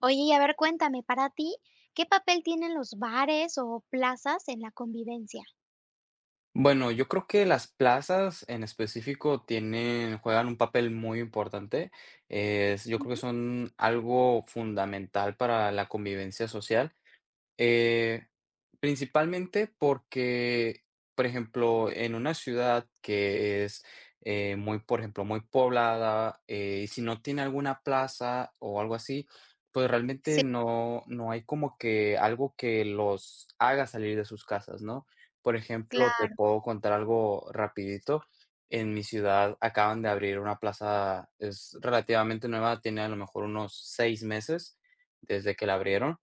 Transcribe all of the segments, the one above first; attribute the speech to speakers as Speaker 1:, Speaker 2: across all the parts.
Speaker 1: Oye, y a ver, cuéntame. Para ti, ¿qué papel tienen los bares o plazas en la convivencia?
Speaker 2: Bueno, yo creo que las plazas en específico tienen juegan un papel muy importante. Es Yo creo que
Speaker 1: Ujú.
Speaker 2: son algo fundamental para la convivencia social. Eh, principalmente porque, por ejemplo, en una ciudad que es, eh, muy, por ejemplo, muy poblada, eh, y si no tiene alguna plaza o algo así, pues, realmente
Speaker 1: Sí.
Speaker 2: no no hay como que algo que los haga salir de sus casas, ¿no?, por ejemplo, te
Speaker 1: Claro.
Speaker 2: puedo contar algo rapidito. En mi ciudad acaban de abrir una plaza, es relativamente nueva, tiene a lo mejor unos 6 meses desde que la abrieron,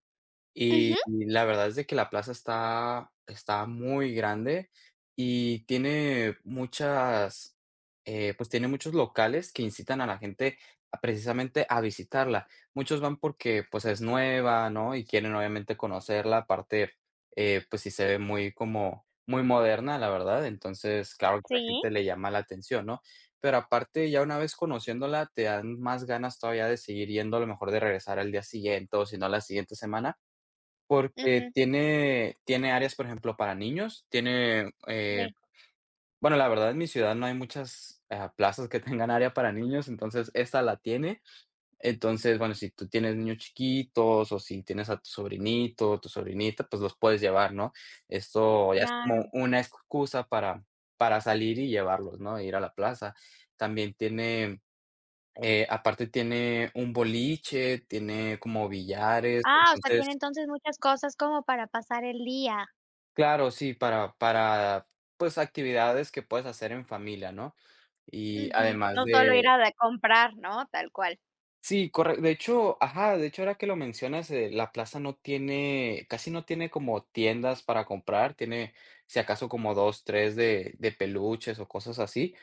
Speaker 2: y
Speaker 1: Ujú.
Speaker 2: la verdad es de que la plaza está está muy grande y tiene muchas, eh, pues, tiene muchos locales que incitan a la gente a precisamente a visitarla. Muchos van porque, pues, es nueva, ¿no?, y quieren obviamente conocerla, aparte, eh, pues, sí se ve muy como, muy moderna, la verdad. Entonces, claro que a la
Speaker 1: Sí.
Speaker 2: gente le llama la atención, ¿no?, pero aparte, ya una vez conociéndola, te dan más ganas todavía de seguir yendo a lo mejor de regresar al día siguiente o si no a la siguiente semana. Porque
Speaker 1: Ujú.
Speaker 2: tiene tiene áreas, por ejemplo, para niños, tiene, eh
Speaker 1: Sí.
Speaker 2: bueno, la verdad, en mi ciudad no hay muchas, ah, plazas que tengan área para niños, esa la tiene. Entonces, bueno, si tú tienes niños chiquitos o si tienes a tu sobrinito o tu sobrinita, pues los puedes llevar, ¿no?, esto ya es como
Speaker 1: Claro.
Speaker 2: una excusa para para salir y llevarlos, ¿no?, ir a la plaza. También tiene, eh, aparte tiene un boliche, tiene como billares,
Speaker 1: Ah, o sea, tiene
Speaker 2: entonces
Speaker 1: entonces muchas cosas como para pasar el día.
Speaker 2: Claro, sí, para para, pues, actividades que puedes hacer en familia, ¿no? Y,
Speaker 1: Ujú.
Speaker 2: además
Speaker 1: No solo ir
Speaker 2: de
Speaker 1: a de comprar, ¿no?, tal cual.
Speaker 2: Sí, corre de hecho Ajá. De hecho, ahora que lo mencionas, eh, la plaza no tiene, casi no tiene como tiendas para comprar, tiene, si acaso, como 2, 3 de de peluches o cosas así.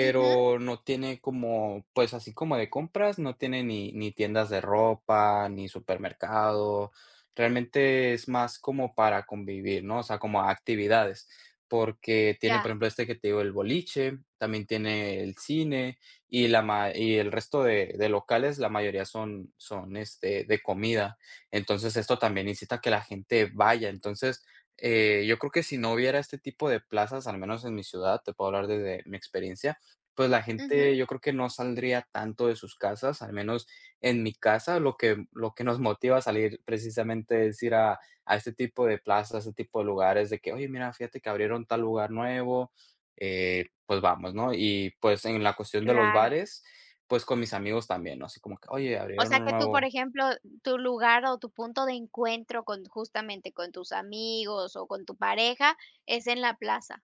Speaker 1: Ujú.
Speaker 2: no tiene como, pues así como de compras, no tiene ni ni tiendas de ropa ni supermercado. Realmente es más como para convivir, ¿no?, o sea, como actividades, porque tiene,
Speaker 1: Ya.
Speaker 2: por ejemplo, este que te digo, el boliche, también tiene el cine y la ma y el resto de de locales, la mayoría son son, este, de comida. Entonces, esto también incita a que la gente vaya. Entonces, eh, yo creo que si no hubiera este tipo de plazas, al menos en mi ciudad, te puedo hablar desde mi experiencia, pues la
Speaker 1: Ujú.
Speaker 2: gente, yo creo que no saldría tanto de sus casas, al menos en mi casa lo que lo que nos motiva a salir precisamente es ir a a este tipo de plazas, a este tipo de lugares, de que oye, mira, fíjate que abrieron tal lugar nuevo, eh, pues vamos, ¿no?, y pues, en la cuestión de los
Speaker 1: Claro.
Speaker 2: bares, pues, con mis amigos también, ¿no?, así como que, oye,
Speaker 1: O
Speaker 2: abrieron
Speaker 1: sea,
Speaker 2: uno
Speaker 1: que tú por
Speaker 2: nuevo.
Speaker 1: ejemplo, tu lugar o tu punto de encuentro con justamente, con tus amigos o con tu pareja es en la plaza.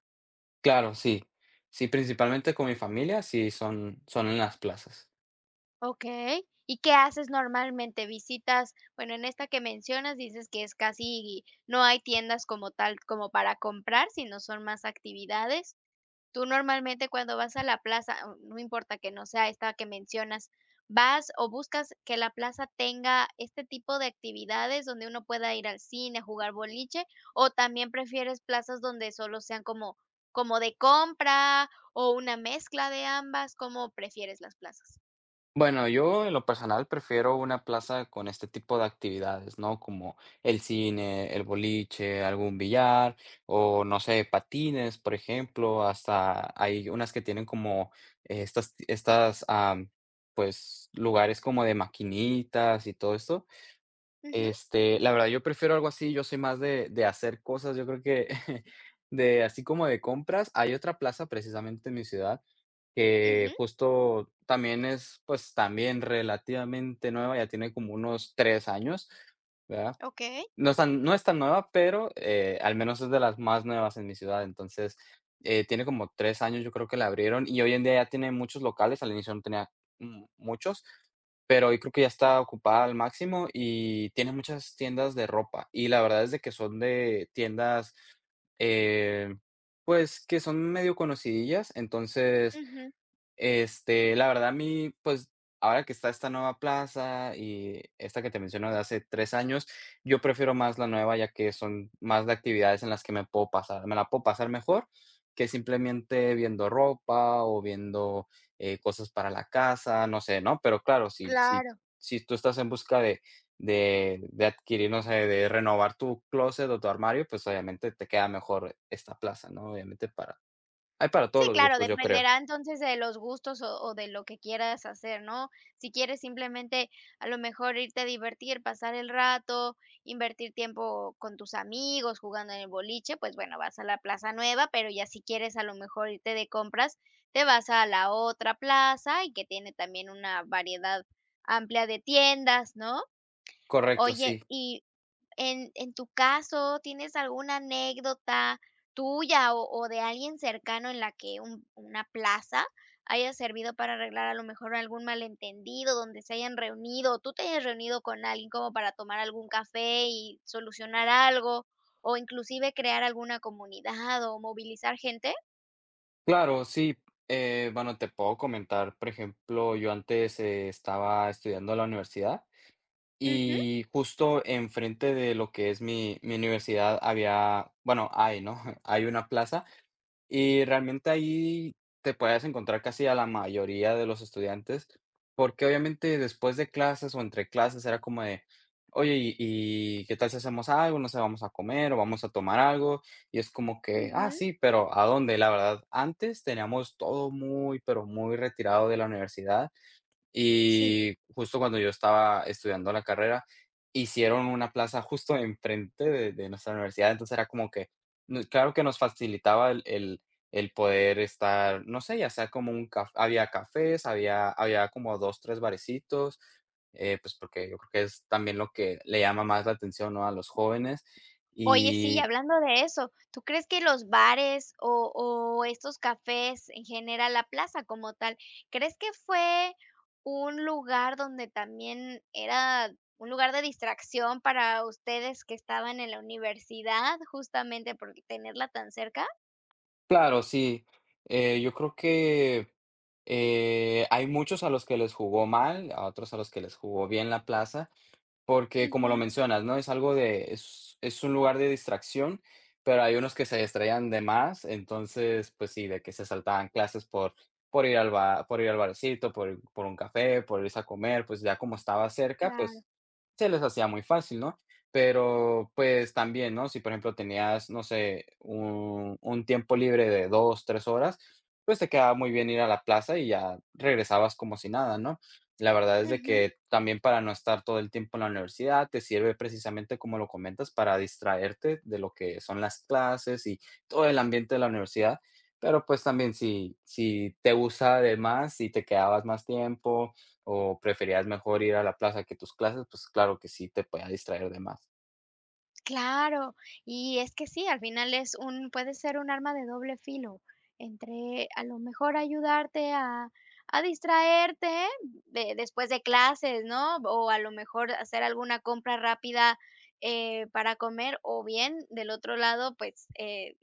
Speaker 2: Claro, sí. Sí, principalmente con mi familia, sí, son son en las plazas.
Speaker 1: Okey, ¿y qué haces normalmente? Visitas, bueno, en esta que mencionas dices que es casi no hay tiendas como tal, como para comprar, sino son más actividades. Tú normalmente cuando vas a la plaza, n no importa que no sea esta que mencionas, ¿vas o buscas que la plaza tenga este tipo de actividades?, donde uno pueda ir al cine, jugar boliche, ¿o también prefieres plazas donde solo sean como como de compra o una mezcla de ambas, cómo prefieres las plazas?
Speaker 2: Bueno yo, en lo personal, prefiero una plaza con este tipo de actividades, ¿no?, como, el cine, el boliche, algún billar, o, no sé, patines, por ejemplo. Hasta, hay unas que tienen como, estas estas, ah, pues, lugares como de maquinitas y todo eso.
Speaker 1: Ujú.
Speaker 2: Este, la verdad yo prefiero algo así, yo soy más de de hacer cosas, yo creo que de así como de compras, hay otra plaza precisamente en mi ciudad, que,
Speaker 1: Ujú.
Speaker 2: justo, también es pues también relativamente nueva, ya tiene como unos 3 años, ¿verdad?
Speaker 1: Okey.
Speaker 2: No es tan no es tan nueva, pero, eh, al menos es de las más nuevas en mi ciudad. Entonces, eh, tiene como 3 años, yo creo que la abrieron, y hoy en día ya tiene muchos locales. Al inicio no tenía m muchos, pero hoy creo que ya está ocupada al máximo, y tiene muchas tiendas de ropa. Y la verdad es de que son de tiendas, eh, pues, que son medio conocidillas, entonces,
Speaker 1: Ujú.
Speaker 2: este, la verdad a mí, pues, ahora que está esta nueva plaza y esta que te menciono de hace 3 años, yo prefiero más la nueva ya que son más de actividades en las que me puedo pasar me la puedo pasar mejor, que simplemente viendo ropa o viendo, eh, cosas para la casa, no sé, ¿no?, pero claro si si
Speaker 1: Claro.
Speaker 2: si tú estás en busca de de de adquirir no sé, de renovar tu clóset o tu armario, pues, obviamente te queda mejor esta plaza, ¿no?, Obviamente para Hay para todos
Speaker 1: Sí,
Speaker 2: los
Speaker 1: claro,
Speaker 2: gustos, yo creo.
Speaker 1: dependerá entonces de los gustos o o de lo que quieras hacer, ¿no? Si quieres simplemente, a lo mejor irte a divertir, pasar el rato, invertir tiempo con tus amigos, jugando en el boliche, pues bueno, vas a la plaza nueva, pero ya si quieres a lo mejor irte de compras, te vas a la otra plaza y que tiene también una variedad amplia de tiendas, ¿no?
Speaker 2: Correcto,
Speaker 1: Oye,
Speaker 2: sí.
Speaker 1: y en en tu caso, ¿tienes alguna anécdota, tuya o o de alguien cercano en la que un una plaza haya servido para arreglar a lo mejor algún mal entendido donde se hayan reunido, o tú te hayas reunido con algo para tomar algún café y solucionar algo o inclusive crear alguna comunidad o movilizar gente?
Speaker 2: Claro si, eh, bueno, te puedo comentar, por ejemplo, yo antes, eh, estaba estudiando la universidad
Speaker 1: Ujú.
Speaker 2: y justo enfrente de lo que es mi mi universidad había bueno, hay, ¿no? Hay una plaza. Y realmente ahí te puedes encontrar casi a la mayoría de los estudiantes, porque obviamente después de clases o entre clases era como de oye, ¿y y qué tal si hacemos algo? No sé, vamos a comer o vamos a tomar algo. Y es como que, ah,
Speaker 1: Ujú.
Speaker 2: sí, ¿pero a dónde? La verdad, antes teníamos todo muy, pero muy retirado de la universidad
Speaker 1: Sí.
Speaker 2: y justo cuando yo estaba estudiando la carrera hicieron una plaza justo enfrente de de nuestra universidad. Entonces era como que, claro que nos facilitaba el el el poder estar, no sé, ya sea como un caf había cafés, había había como 2, 3 barecitos. Eh, pues, porque yo creo que es también lo que le llama más la atención, ¿no?, a los jóvenes,
Speaker 1: Oye, sí,
Speaker 2: y
Speaker 1: hablando de eso, ¿tú crees que los bares o o estos cafés en general, la plaza como tal? ¿Crees que fue un lugar donde también era un lugar de distracción para ustedes, que estaban en la universidad justamente por tenerla tan cerca?
Speaker 2: Claro, sí. Eh, yo creo que, eh, hay muchos a los que les jugó mal, a otros a los que les jugó bien la plaza, porque como lo
Speaker 1: Ujú.
Speaker 2: mencionas, ¿no? Es algo de es es un lugar de distracción, pero hay unos que se distraían de más. Entonces, pues sí, de que se saltaban clases por por ir al bar por ir al barcito, por por un café, por irse a comer, pues ya como estaba cerca,
Speaker 1: Claro.
Speaker 2: pues, se les hacía muy fácil, ¿no? Pero, pues, también, ¿no? Si, por ejemplo, tenías, no sé, un un tiempo libre de 2, 3 horas, pues te quedaba muy bien ir a la plaza y ya regresabas como si nada, ¿no? La verdad, es de
Speaker 1: Ujú.
Speaker 2: que también, para no estar todo el tiempo en la universidad, te sirve precisamente, como lo comentas, para distraerte de lo que son las clases y todo el ambiente de la universidad. Pero, pues, también si si te gusta de más, si te quedabas más tiempo o preferías mejor ir a la plaza que tus clases, pues, claro que sí, te podía distraer de más.
Speaker 1: Claro, y es que sí al final es un puede ser un arma de doble filo. Entre a lo mejor ayudarte a a, distraerte de de después de clases, ¿no? O a lo mejor hacer alguna compra rápida, eh, para comer, o bien, del otro lado, pues, eh,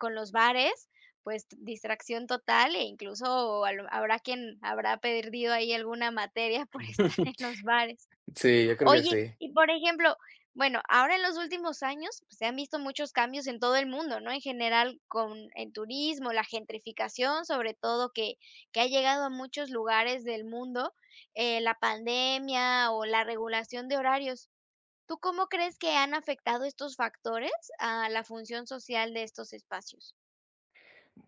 Speaker 1: con los bares, pues distracción total e incluso a lo habrá quien habrá perdido ahí alguna materia por estar en los bares.
Speaker 2: Sí, yo creo que
Speaker 1: Oye,
Speaker 2: sí.
Speaker 1: y por ejemplo, bueno, ahora en los últimos años se han visto muchos cambios en todo el mundo, ¿no? en general con el turismo, la gentrificación, sobre todo que que ha llegado a muchos lugares del mundo, eh, la pandemia o la regulación de horarios. ¿Tú cómo crees que han afectado estos factores a la función social de estos espacios?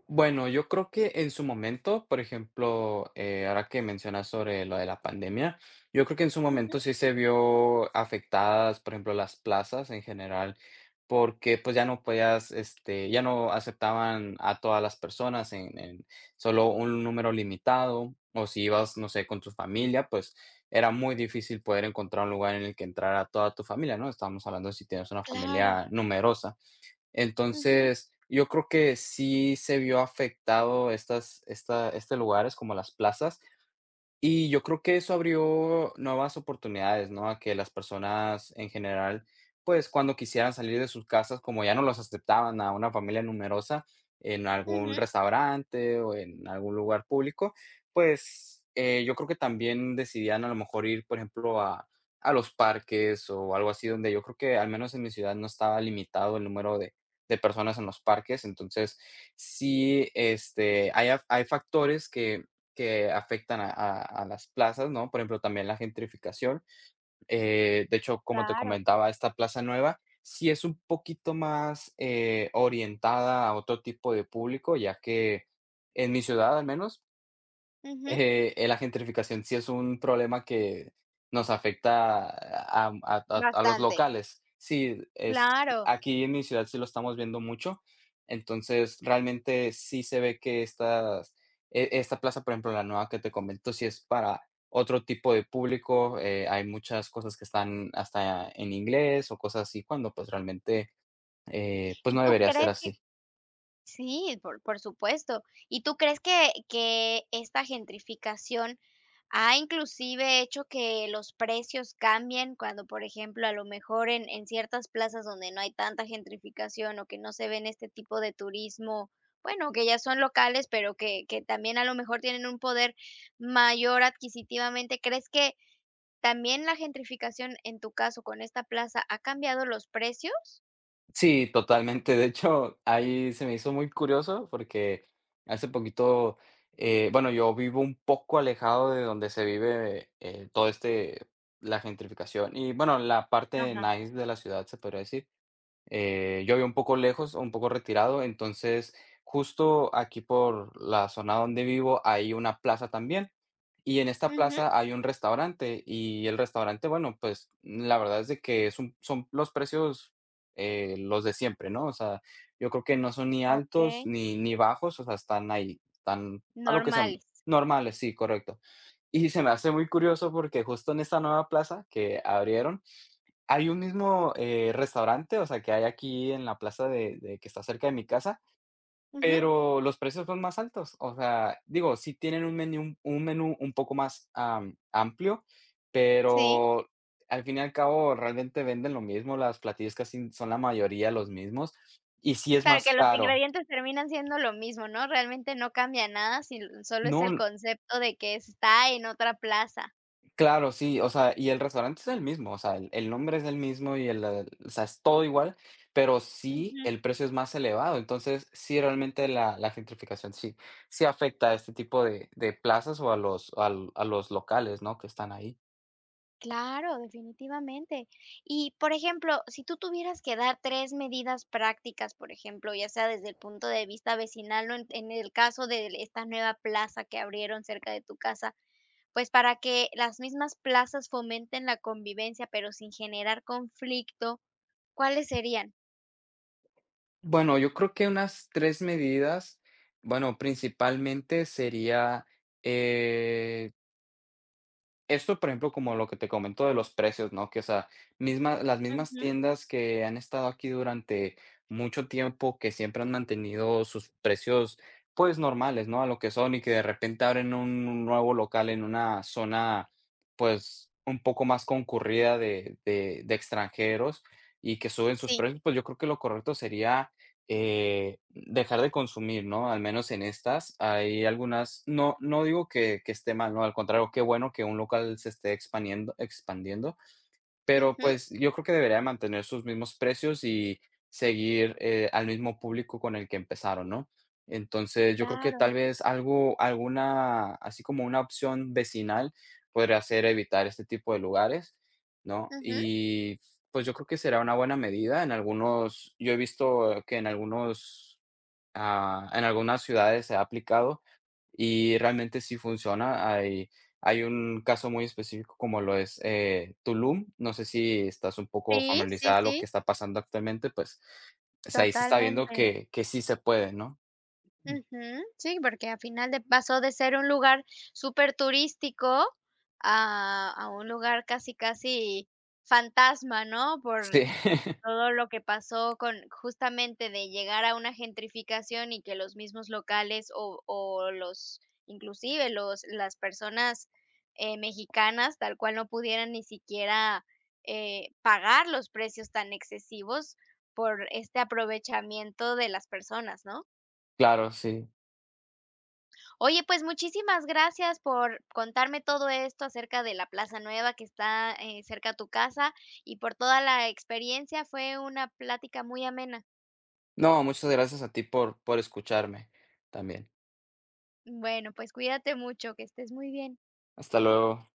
Speaker 2: Bueno, yo creo que en su momento, por ejemplo, eh, ahora que mencionas sobre lo de la pandemia, yo creo que en su
Speaker 1: Ujú.
Speaker 2: momento sí se vio afectadas, por ejemplo, las plazas en general, porque, pues, ya no podías, este, ya no aceptaban a todas las personas en en solo un número limitado. O si ibas, no sé, con tu familia, pues, era muy difícil poder encontrar un lugar en el que entrara toda tu familia, ¿no? estábamos hablando de si tienes una
Speaker 1: Claro.
Speaker 2: familia numerosa.
Speaker 1: Ujú.
Speaker 2: Entonces, yo creo que sí se vio afectado estas esta este lugares como las plazas. Y yo creo que eso abrió nuevas oportunidades, ¿no? A que las personas en general, pues, cuando quisieran salir de sus casas, como ya no los aceptaban a una familia numerosa en algún
Speaker 1: Ujú.
Speaker 2: restaurante o en algún lugar público, pues, eh, yo creo que también decidían a lo mejor ir por ejemplo a a los parques o algo así. Donde yo creo que al menos en mi ciudad no estaba limitado el número de de personas en los parques. Entonces sí, este, hay af hay factores que que afectan a a a las plazas, ¿no? Por ejemplo, también la gentrificación. Eh, de hecho, como te
Speaker 1: Claro.
Speaker 2: comentaba, esta plaza nueva sí es un poquito más, eh, orientada a otro tipo de público, ya que, en mi ciudad al menos
Speaker 1: Ujú.
Speaker 2: eh, eh, la gentrificación sí es un problema que nos afecta a am a to a los
Speaker 1: Bastante.
Speaker 2: locales. Sí, es
Speaker 1: Claro.
Speaker 2: aquí en mi ciudad sí lo estamos viendo mucho. Entonces, realmente sí se ve que estas e esta plaza, por ejemplo, la nueva que te comento, si es para otro tipo de publico, eh, hay muchas cosas que están hasta en inglés o cosas así cuando, pues, realmente, eh, pues
Speaker 1: ¿Y
Speaker 2: no
Speaker 1: tú
Speaker 2: debería ser
Speaker 1: crees que?
Speaker 2: así.
Speaker 1: Sí, por por supuesto. ¿Y tú crees que que esta gentrificación ha inclusive hecho que los precios cambien cuando, por ejemplo, a lo mejor en en ciertas plazas donde no hay tanta gentrificación o que no se ven este tipo de turismo, bueno, que ya son locales, pero que que también a lo mejor tienen un poder mayor adquisitivamente, ¿crees que, también la gentrificación en tu caso con esta plaza ha cambiado los precios?
Speaker 2: Sí, totalmente, de hecho, ahí se me hizo muy curioso porque hace poquito, eh Bueno, yo vivo un poco alejado de donde se vive, eh eh, todo este la gentrificación y, bueno, la parte
Speaker 1: Ajá.
Speaker 2: nice de la ciudad, se podría decir. Eh, yo vivo un poco lejos o un poco retirado, entonces justo aquí por la zona donde vivo, hay una plaza también. Y en esta
Speaker 1: Ujú.
Speaker 2: plaza hay un restaurante y el restaurante, bueno, pues, n la verdad es de que son son los precios, eh, los de siempre, ¿no? o sea, yo creo que no son ni altos
Speaker 1: Okey.
Speaker 2: ni ni bajos, o sea, están ahí, tan a lo que
Speaker 1: Normal.
Speaker 2: sean Normales, sí, correcto. Y se me hace muy curioso porque justo en esta nueva plaza que abrieron, hay un mismo, eh, restaurante, o sea, que hay aquí en la plaza de de que está cerca de mi casa,
Speaker 1: Ujú.
Speaker 2: pero los precios son más altos, o sea, digo, sí tienen un menú un menú un poco más, am, amplio,
Speaker 1: Sí.
Speaker 2: pero al fin y al cabo realmente venden lo mismo, las platillos casi son la mayoría los mismos, y sí es
Speaker 1: Claro,
Speaker 2: más
Speaker 1: que los
Speaker 2: caro.
Speaker 1: ingredientes terminan siendo lo mismo, ¿no? realmente no cambia nada si l solo es el
Speaker 2: No
Speaker 1: concepto de que está en otra plaza.
Speaker 2: Claro, sí, o sea, y el restaurante es el mismo, o sea, el el nombre es el mismo y el la o sea, es todo igual, pero sí
Speaker 1: Ujú.
Speaker 2: el precio es más elevado, entonces, sí, realmente, la la gentrificación sí sí afecta a este tipo de de plazas o a los al a los locales, ¿no? que están ahí.
Speaker 1: Claro, definitivamente. Y por ejemplo, si tú tuvieras que dar 3 medidas prácticas, por ejemplo, ya sea desde el punto de vista vecinal o en en el caso de esta nueva plaza que abrieron cerca de tu casa, pues para que las mismas plazas fomenten la convivencia pero sin generar conflicto, ¿cuáles serían?
Speaker 2: Bueno, yo creo que unas 3 medidas, bueno, principalmente sería, eh Esto, por ejemplo, como lo que te comento de los precios, ¿no?, que, o sea, misma las mismas
Speaker 1: Ujú.
Speaker 2: tiendas que han estado aquí durante mucho tiempo que siempre han mantenido sus precios, pues normales, ¿no? A lo que son, y que de repente abren un un nuevo local en una zona, pues un poco más concurrida de de de extranjeros y que suben sus
Speaker 1: Sí.
Speaker 2: precios, pues yo creo que lo correcto sería, eh, dejar de consumir ¿no?, al menos en estas. Hay algunas No no digo que que esté mal, ¿no? Al contrario, qué bueno que un local se esté expandiendo expandiendo. Pero,
Speaker 1: Ujú.
Speaker 2: pues, yo creo que debería de mantener sus mismos precios y seguir eh al mismo público con el que empezarón, ¿no? Entonces, yo creo que
Speaker 1: Claro.
Speaker 2: tal vez algo alguna así como una opción vecinal, podría ser evitar este tipo de lugares, ¿no?
Speaker 1: Ujú.
Speaker 2: Y pues, yo creo que será una buena medida en algunos, yo he visto que en algunos ah, en algunas ciudades se ha aplicado y realmente sí funciona. Hay hay un caso muy específico como lo es eh, Tulum. No sé si estás un poco
Speaker 1: Sí, sí,
Speaker 2: familiarizada a lo
Speaker 1: sí.
Speaker 2: que está pasando actualmente, pues pues, ahí se está viendo
Speaker 1: Totalmente.
Speaker 2: que que sí se puede, ¿no? M
Speaker 1: Ujú. Sí, porque a final de pasó de ser un lugar superturístico a a un lugar casi, casi fantasma, ¿no?, por
Speaker 2: Sí.
Speaker 1: todo lo que pasó con justamente de llegar a una gentrificación y que los mismos locales o o los inclusive los las personas, eh, mexicanas tal cual no pudieran ni siquiera eh pagar los precios tan excesivos por este aprovechamiento de las personas, ¿no?
Speaker 2: Claro, sí.
Speaker 1: Oye, pues, muchísimas gracias por contarme todo esto acerca de la plaza nueva que está, eh, cerca a tu casa y por toda la experiencia. Fue una plática muy amena.
Speaker 2: No, muchas gracias a ti por por escucharme, también.
Speaker 1: Bueno, pues cuídate mucho, que estés muy bien.
Speaker 2: Hasta luego.